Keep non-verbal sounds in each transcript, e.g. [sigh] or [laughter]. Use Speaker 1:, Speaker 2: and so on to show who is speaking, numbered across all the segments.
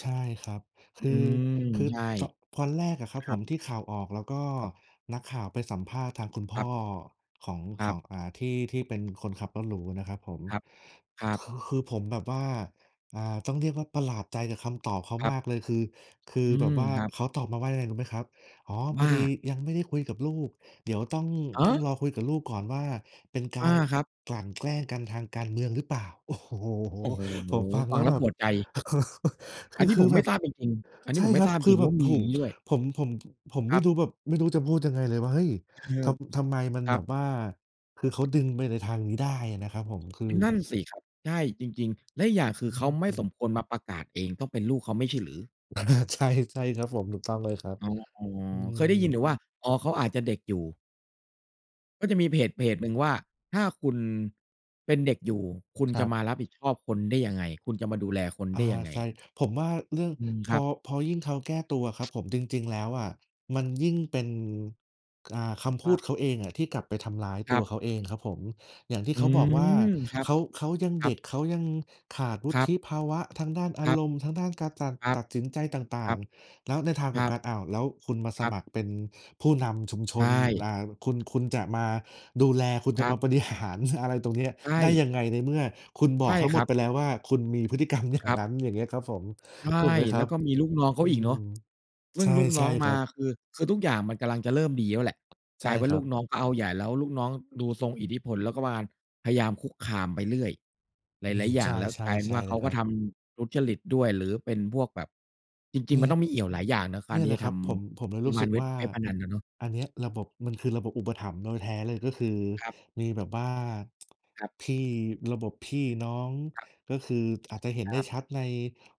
Speaker 1: ใช่ครับ ค
Speaker 2: อื
Speaker 1: ือ
Speaker 2: ม
Speaker 1: คือ
Speaker 2: ใช่
Speaker 1: ต ตอนแรกอะครั
Speaker 2: ค
Speaker 1: บ
Speaker 2: ร
Speaker 1: ผ
Speaker 2: ับ
Speaker 1: มที่ข่าวออก แล้วก็
Speaker 2: ครับ
Speaker 1: นักข่าวไปสัมภาษณ์ทางคุณพ
Speaker 2: ค
Speaker 1: ่
Speaker 2: รั
Speaker 1: อ
Speaker 2: บ
Speaker 1: ของ
Speaker 2: ค
Speaker 1: ข
Speaker 2: รั
Speaker 1: อ
Speaker 2: บ
Speaker 1: ง อ่า ที่ ที่เป็นคนขับรถหรูนะครับผม
Speaker 2: ครับ ครั
Speaker 1: ค
Speaker 2: บ
Speaker 1: คือผมแบบว่า อ่า ต้องเรียกว่าประหลาดใจกับคำตอบเขา
Speaker 2: ครั
Speaker 1: ม
Speaker 2: บ
Speaker 1: ากเลย คือ คือ
Speaker 2: อื
Speaker 1: แบบ
Speaker 2: ม
Speaker 1: ว่า
Speaker 2: ครับ
Speaker 1: เขาตอบมาว่ายังไงรู้ไหมครับ "อ๋อ พ
Speaker 2: ว
Speaker 1: อ
Speaker 2: ่า
Speaker 1: ดียังไม่ได้คุยกับลูกเดี๋ยวต้อง
Speaker 2: ฮ
Speaker 1: ต้อง
Speaker 2: ะ!
Speaker 1: รอคุยกับลูกก่อนว่า เป็นก
Speaker 2: อา
Speaker 1: าร
Speaker 2: ครับ
Speaker 1: กลั่นแกล้งกันทางการเมืองหรือเปล่า?" โอ้โฮ
Speaker 2: โอ้โฮ
Speaker 1: ผมฟัง
Speaker 2: ฟ
Speaker 1: แ
Speaker 2: ั
Speaker 1: ล้
Speaker 2: ง
Speaker 1: ว
Speaker 2: แล้
Speaker 1: แบ
Speaker 2: วป
Speaker 1: บ
Speaker 2: วดใจ
Speaker 1: [laughs] ค
Speaker 2: อั
Speaker 1: ื
Speaker 2: น
Speaker 1: อ
Speaker 2: นี้
Speaker 1: ค
Speaker 2: ผ
Speaker 1: ือ
Speaker 2: มไ
Speaker 1: แ
Speaker 2: ม
Speaker 1: บ
Speaker 2: ่
Speaker 1: บ
Speaker 2: ทราบจริง ๆ อันนี
Speaker 1: ใ
Speaker 2: ้
Speaker 1: ช่
Speaker 2: ผมไม
Speaker 1: ค
Speaker 2: ่
Speaker 1: รั
Speaker 2: ทร
Speaker 1: บ
Speaker 2: าบจ
Speaker 1: คื
Speaker 2: ริ
Speaker 1: อ
Speaker 2: ง
Speaker 1: แบ
Speaker 2: ๆ ว
Speaker 1: บ
Speaker 2: ่า
Speaker 1: โอ้
Speaker 2: มี
Speaker 1: โฮ
Speaker 2: อย่างงี้ด้วย
Speaker 1: ผม ผม ผ ผม
Speaker 2: ค
Speaker 1: ไม
Speaker 2: ร
Speaker 1: ่
Speaker 2: ับ
Speaker 1: รู้แบบ ไม่รู้จะพูดยังไงเลยว่า เฮ้ย ท
Speaker 2: [unintelligible]
Speaker 1: ำ ทำไมมัน
Speaker 2: คร
Speaker 1: แ
Speaker 2: ั
Speaker 1: บ
Speaker 2: บ
Speaker 1: บว่า คือเขาดึงไปในทางนี้ได้อะนะครับผม คือ
Speaker 2: นั่นสิครับ ใช่ จริง ๆ และอีกอย่างคื
Speaker 1: อ
Speaker 2: อเขาไม่
Speaker 1: ื
Speaker 2: ส
Speaker 1: อ อ
Speaker 2: มควรมาประกาศเอง ต้องเป็นลูกเขาไม่ใช่หรือ?
Speaker 1: อะฮะ ใช่ ใช่ครับผม ถูกต้องเลยครับ
Speaker 2: อ๋อ
Speaker 1: อื
Speaker 2: เคยได้ยินแต
Speaker 1: ม
Speaker 2: ่ว่า อ๋อ เขาอาจจะเด็กอยู่ ก็จะมีเพจเพจหนึ่งว่า "ถ้าคุณเป็นเด็กอยู่ คุณ
Speaker 1: คร
Speaker 2: จ
Speaker 1: ั
Speaker 2: ะ
Speaker 1: บ
Speaker 2: มารับผิดชอบคนได้ยังไง? คุณจะมาดูแลคน
Speaker 1: อา
Speaker 2: ได้ยังไง?"
Speaker 1: ใช่ ผมว่าเรื่อง
Speaker 2: อืม ค
Speaker 1: พ
Speaker 2: รั
Speaker 1: อ
Speaker 2: บ
Speaker 1: พอยิ่งเขาแก้ตัวครับผม จริง ๆ แล้วอะมันยิ่งเป็น อ่า คำพ
Speaker 2: ค
Speaker 1: ู
Speaker 2: รั
Speaker 1: ด
Speaker 2: บ
Speaker 1: เขาเองอะที่กลับไปทำร้าย
Speaker 2: ค
Speaker 1: ต
Speaker 2: ร
Speaker 1: ั
Speaker 2: ั
Speaker 1: ว
Speaker 2: บ
Speaker 1: เขาเองครับผม อย่างที่
Speaker 2: อื
Speaker 1: เขาบอกว่า
Speaker 2: ม ครับ
Speaker 1: เขา เขายัง
Speaker 2: คร
Speaker 1: เ
Speaker 2: ั
Speaker 1: ด็
Speaker 2: บ
Speaker 1: ก เขายังขาดวุ
Speaker 2: ครั
Speaker 1: ฒ
Speaker 2: บ
Speaker 1: ิภาวะทางด้านอ
Speaker 2: ค
Speaker 1: า
Speaker 2: รับ
Speaker 1: รมณ์ ทางด้านการตัด
Speaker 2: ครั
Speaker 1: ต
Speaker 2: บ
Speaker 1: ัดสินใจต่
Speaker 2: ค
Speaker 1: า
Speaker 2: รั
Speaker 1: ง
Speaker 2: บ
Speaker 1: ๆ แล้วในทางก
Speaker 2: ค
Speaker 1: ลั
Speaker 2: ร
Speaker 1: บ
Speaker 2: ั
Speaker 1: ก
Speaker 2: บ
Speaker 1: ัน อ้าว แล้วคุณมาส
Speaker 2: ครับ
Speaker 1: มัครเป็นผู้นำชุมช
Speaker 2: ใช
Speaker 1: น
Speaker 2: ่
Speaker 1: อ่า คุณ คุณจะมาดูแล คุณ
Speaker 2: ค
Speaker 1: จะ
Speaker 2: รั
Speaker 1: ม
Speaker 2: บ
Speaker 1: าบริ หาร อะไรตรงเนี้ย
Speaker 2: ใช
Speaker 1: ได้
Speaker 2: ่
Speaker 1: ยังไง ในเมื่อคุณบ
Speaker 2: ใช
Speaker 1: อก
Speaker 2: ่
Speaker 1: ทั้งห
Speaker 2: ค
Speaker 1: ม
Speaker 2: ร
Speaker 1: ด
Speaker 2: ับ
Speaker 1: ไปแล้วว่า "คุณมีพฤติ กรรมอย่
Speaker 2: ค
Speaker 1: าง
Speaker 2: รับ
Speaker 1: นั้น" อย่างเงี้ยครับผม
Speaker 2: ใช่
Speaker 1: ถูกไหมคร
Speaker 2: แล
Speaker 1: ั
Speaker 2: ้
Speaker 1: บ?
Speaker 2: วก็มีลูกน้องเข
Speaker 1: อื
Speaker 2: าอีกเนา
Speaker 1: ม
Speaker 2: ะ ซึ
Speaker 1: ใ
Speaker 2: ่
Speaker 1: ช
Speaker 2: ง
Speaker 1: ่
Speaker 2: ลูก
Speaker 1: ใ
Speaker 2: น
Speaker 1: ช
Speaker 2: ้
Speaker 1: ่
Speaker 2: อง
Speaker 1: ค
Speaker 2: ม
Speaker 1: ร
Speaker 2: า
Speaker 1: ับ
Speaker 2: คือ คือทุกอย่างมันกำลังจะเริ่มดีแล้วแหละ
Speaker 1: ใ
Speaker 2: ก
Speaker 1: ช่
Speaker 2: ลายเป็นว่
Speaker 1: ค
Speaker 2: า
Speaker 1: ร
Speaker 2: ล
Speaker 1: ั
Speaker 2: ู
Speaker 1: บ
Speaker 2: กน้องก็เอาใหญ่ แล้วลูกน้องดูทรงอิทธิพล แล้วก็มาพยายามคุกคามไปเรื่อย ห
Speaker 1: อื
Speaker 2: ลา
Speaker 1: ม
Speaker 2: ย ๆ อย
Speaker 1: ใ
Speaker 2: ่าง แล้ว
Speaker 1: ช
Speaker 2: กลายเป็น
Speaker 1: ่
Speaker 2: ว่า
Speaker 1: ๆ
Speaker 2: เ
Speaker 1: ๆ
Speaker 2: ข
Speaker 1: น
Speaker 2: า
Speaker 1: ะค
Speaker 2: ก
Speaker 1: ร
Speaker 2: ็
Speaker 1: ับ
Speaker 2: ทำทุจริตด้วย หรือเป็นพวกแบบ จริ
Speaker 1: เน
Speaker 2: ง
Speaker 1: ี
Speaker 2: ๆ ม
Speaker 1: ่
Speaker 2: ัน
Speaker 1: ย
Speaker 2: ต้องมีเอี่ยวหลายอย่างนะก
Speaker 1: เน
Speaker 2: า
Speaker 1: ี
Speaker 2: ร
Speaker 1: ่ย
Speaker 2: ที
Speaker 1: แห
Speaker 2: ่
Speaker 1: ล
Speaker 2: จ
Speaker 1: ะ
Speaker 2: ะ
Speaker 1: ค
Speaker 2: ท
Speaker 1: รับ ผม ผมเลย
Speaker 2: ำปร
Speaker 1: รู
Speaker 2: ะ
Speaker 1: ้
Speaker 2: มา
Speaker 1: สึ
Speaker 2: ณ
Speaker 1: ก
Speaker 2: เว็
Speaker 1: ว
Speaker 2: บ
Speaker 1: ่า
Speaker 2: เว็บพนันอะเนาะ
Speaker 1: อันเนี้ยระบบ มันคือระบบอุปถัมภ์โดยแท้เลย ก็คือ
Speaker 2: ครับ
Speaker 1: มีแบบว่า
Speaker 2: ครับ
Speaker 1: [tsk] พี่ ระบบพี่น้อง
Speaker 2: ครับ
Speaker 1: ก็คืออาจจะเห็นไ
Speaker 2: ค
Speaker 1: ด้
Speaker 2: รับ
Speaker 1: ชัดใน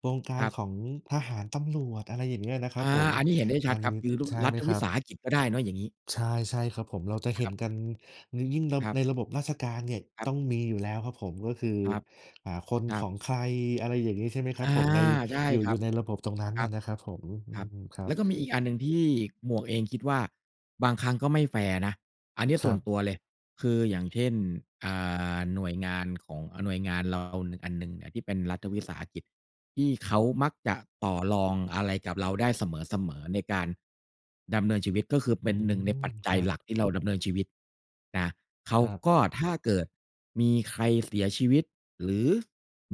Speaker 1: วงกา
Speaker 2: ค
Speaker 1: ร
Speaker 2: รับ
Speaker 1: ของทหาร ตำรวจ อะไรอย่างเงี้ยนะครั
Speaker 2: อ
Speaker 1: บ
Speaker 2: า
Speaker 1: ผม
Speaker 2: อันนี้เห็นได้ช
Speaker 1: อั
Speaker 2: ัด
Speaker 1: น
Speaker 2: ครับ คือรุ
Speaker 1: ใช่
Speaker 2: รั
Speaker 1: ไหม
Speaker 2: ฐ
Speaker 1: ค
Speaker 2: ว
Speaker 1: ร
Speaker 2: ิ
Speaker 1: ับ?
Speaker 2: สาหกิจก็ได้เนาะ อย่างงี้
Speaker 1: ใช่ ใช่ครับผม เราจะเ
Speaker 2: ค
Speaker 1: ห็
Speaker 2: ร
Speaker 1: น
Speaker 2: ับ
Speaker 1: กัน ย ยิ่งระ
Speaker 2: ครั
Speaker 1: ใ
Speaker 2: บ
Speaker 1: นระบบราชการเนี่ย
Speaker 2: คร
Speaker 1: ต
Speaker 2: ับ
Speaker 1: ้องมีอยู่แล้วครับผม ก็คือ
Speaker 2: ครับ
Speaker 1: อ่า คน
Speaker 2: คร
Speaker 1: ข
Speaker 2: ั
Speaker 1: อ
Speaker 2: บ
Speaker 1: งใคร อะไรอย่างงี้ ใช่ไหมครั
Speaker 2: อ
Speaker 1: บ
Speaker 2: า
Speaker 1: ผม ใน
Speaker 2: ใช่
Speaker 1: อยู่
Speaker 2: ค
Speaker 1: อ
Speaker 2: ร
Speaker 1: ย
Speaker 2: ั
Speaker 1: ู
Speaker 2: บ
Speaker 1: ่ในระบบตรงนั้น
Speaker 2: ค
Speaker 1: น
Speaker 2: ร
Speaker 1: ่
Speaker 2: ั
Speaker 1: ะ
Speaker 2: บ
Speaker 1: นะครับผม อื
Speaker 2: ครั
Speaker 1: ม
Speaker 2: บ
Speaker 1: ครั
Speaker 2: แล
Speaker 1: บ
Speaker 2: ้วก็มีอีกอันหนึ่งที่หมวกเองคิดว่าบางครั้งก็ไม่แฟร์นะ อันเนี้ย
Speaker 1: ค
Speaker 2: ส
Speaker 1: ร
Speaker 2: ่
Speaker 1: ั
Speaker 2: วน
Speaker 1: บ
Speaker 2: ตัวเลย คือ อย่างเช่น อ่า หน่วยงานของ อา หน่วยงานเราอันหนึ่งอะที่เป็นรัฐวิสาหกิจที่เขามักจะต่อรองอะไรกับเราได้เสมอ ๆ ในการดำเนินชีวิต ก็คือเป
Speaker 1: อ
Speaker 2: ็
Speaker 1: ื
Speaker 2: นหนึ่งใน
Speaker 1: ม
Speaker 2: ปัจจ
Speaker 1: ค
Speaker 2: ั
Speaker 1: ร
Speaker 2: ย
Speaker 1: ับ
Speaker 2: หลักที่เราดำเนินชีวิตนะ เขา
Speaker 1: ครับ
Speaker 2: ก็ ถ้าเกิดมีใครเสียชีวิตหรือ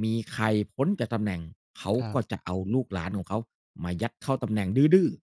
Speaker 2: มีใครพ้นจากตำแหน่ง เขา
Speaker 1: ครั
Speaker 2: ก็
Speaker 1: บ
Speaker 2: จะเอาลูกหลานของเขามายัดเข้าตำแหน่งดื้อ ๆ